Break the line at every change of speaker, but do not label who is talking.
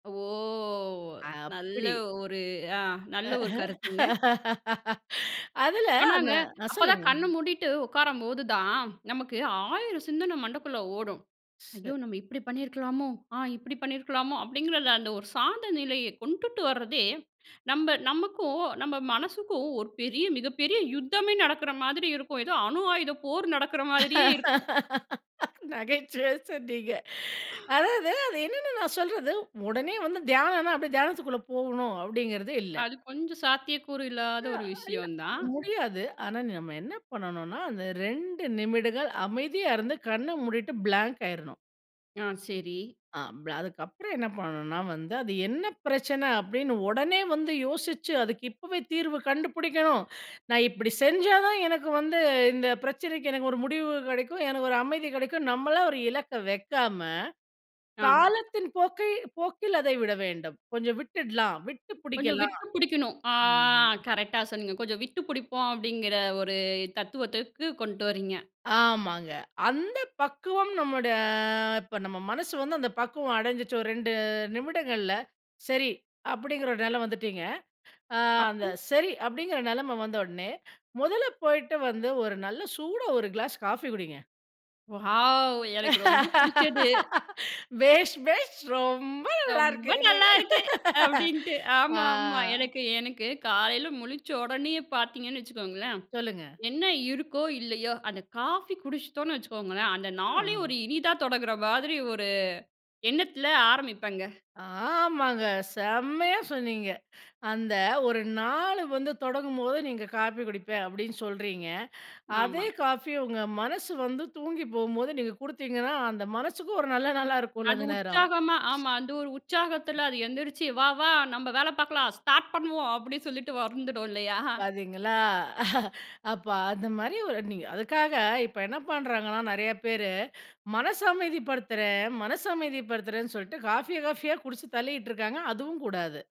ஓ! நல்ல
அப்படி.
ஒரு ஆ. நல்ல ஒரு கருத்துங்க.
அதுல அந்த
ஆனாங்க.
அ
அப்போதான்
சொல்லுங்க.
கண்ண மூடிட்டு உட்காரும்போதுதான், நமக்கு 1000 சிந்தனை மண்டக்குள்ள ஓடும்.
ஷ்
"ஐயோ!
ச
நம்ம இப்படி பண்ணியிருக்கலாமோ? ஆ இப்படி பண்ணியிருக்கலாமோ?" அப்படிங்கிற அந்த ஒரு சாந்த நிலையை கொண்டுட்டு வர்றதே, நம்ப நமக்கும் நம்ப மனசுக்கும் ஒரு பெரிய மிகப்பெரிய யுத்தமே நடக்கிற மாதிரி இருக்கும். ஏதோ அணு ஆயுத போர் நடக்கிற மாதிரியே இருக்கும்.
நகைச்சுவையா சொன்னீங்க. அதாவது, அது என்னன்னு நான் சொல்றது, உடனே வந்து தியானம்னா, அப்படியே தியானத்துக்குள்ளே போகணும், அப்படிங்கிறது இல்ல.
அது கொஞ்சம் சாத்தியக்கூறு இல்லாத
அ
ஒரு
இல்ல.
விஷயம் தான்.
முடியாது. ஆனா நம்ம என்ன பண்ணனும்னா, அந்த 2 நிமிடங்கள் அமைதியா இருந்து, கண்ண மூடிட்டு பிளாங்க் ஆயிறணும்.
ஆ சரி.
ஆ ப்ளா அதுக்கப்புறம் என்ன பண்ணணும்னா, வந்து அது என்ன பிரச்சனை அப்படின்னு உடனே வந்து யோசிச்சு, "அதுக்கு இப்போவே தீர்வு கண்டுபிடிக்கணும். நான் இப்படி செஞ்சா தான் எனக்கு வந்து இந்த பிரச்சனைக்கு எனக்கு ஒரு முடிவு கிடைக்கும். எனக்கு ஒரு அமைதி கிடைக்கும்." நம்மளா ஒரு இலக்க வைக்காம,
ஆ.
காலத்தின் போக்கை போக்கில் அதை விட வேண்டும். கொஞ்சம் விட்டுடலாம், விட்டு
கொஞ்சம்
பிடிக்கலாம்.
விட்டு பிடிக்கணும். ஆ
ம்.
கரெக்ட்டா சொன்னீங்க. கொஞ்சம் விட்டு பிடிப்போம், அப்படிங்கிற ஒரு தத்துவத்துக்கு கொண்ட்டு வரீங்க.
ஆமாங்க. அந்த பக்குவம் நம்மோட இப்போ நம்ம மனசு வந்து அந்த பக்குவம் அடைஞ்சிட்டு, ஒரு 2 நிமிடங்கள்ல, சரி. அப்படிங்கிற ஒரு நிலை வந்துட்டிங்க. ஆ
அப்
அந்த சரி அப்படிங்கிற நெலைமை வந்த உடனே, முதல்ல போய்ட்டு வந்து ஒரு நல்ல சூடா ஒரு கிளாஸ் காஃபி குடிங்க.
வாவ்! எனக்கு ரொம்ப பிடிச்சது.
"பேஷ், பேஷ், ரொம்ப நல்லா
"ரொம்ப
இருக்கு." என்ன‍ங்க.
நல்லாயிருக்கு." அப்படின்ட்டு.
ஆ.
ஆமாமா. எனக்கு எனக்கு காலையில முழிச்ச உடனேயே பார்த்தீங்கன்னு வச்சுக்கோங்களேன்,
சொல்லுங்க.
என்ன இருக்கோ, இல்லையோ? அந்த காஃபி குடிச்சிட்டோன்னு வச்சுக்கோங்களேன். அந்த நாளே
அ.
ஒரு இனிதா தொடங்கிற மாதிரி ஒரு எண்ணத்தில ஆரம்பிப்பேங்க.
ஆமாங்க. செம்மையா சொன்னீங்க. அந்த ஒரு நாளு வந்து தொடங்கும்போது நீங்க காஃபி குடிப்பேன், அப்படின்னு சொல்றீங்க.
ஆமா.
அதே காஃபி உங்க மனசு வந்து தூங்கி போகும்போது நீங்க கொடுத்தீங்கன்னா, அந்த மனசுக்கும் ஒரு நல்ல நாளா இருக்கும்ல
அது
அந்த நேரம்.
உற்சாகமா ஆமா அந்த ஒரு உற்சாகத்தில, அது எந்திரிச்சு "வா! வா! நம்ப வேலை பார்க்கலாம். ஸ்டார்ட் பண்ணுவோம்." அப்படின்னு சொல்லிட்டு வந்துடும் இல்லையா?
பார்த்தீங்களா, அப்போ அந்த மாதிரி ஒரு நீங்க அதுக்காக இப்போ என்ன பண்ணுறாங்கன்னா, நெறையா பேரு மனசு அமைதிப்படுத்துறேன், மனசு அமைதிப்படுத்துறேன்னு சொல்லிட்டு, காஃபியை காஃபியா குடிச்சு தள்ளிட்டு இருக்காங்க. அதுவும் கூடாது.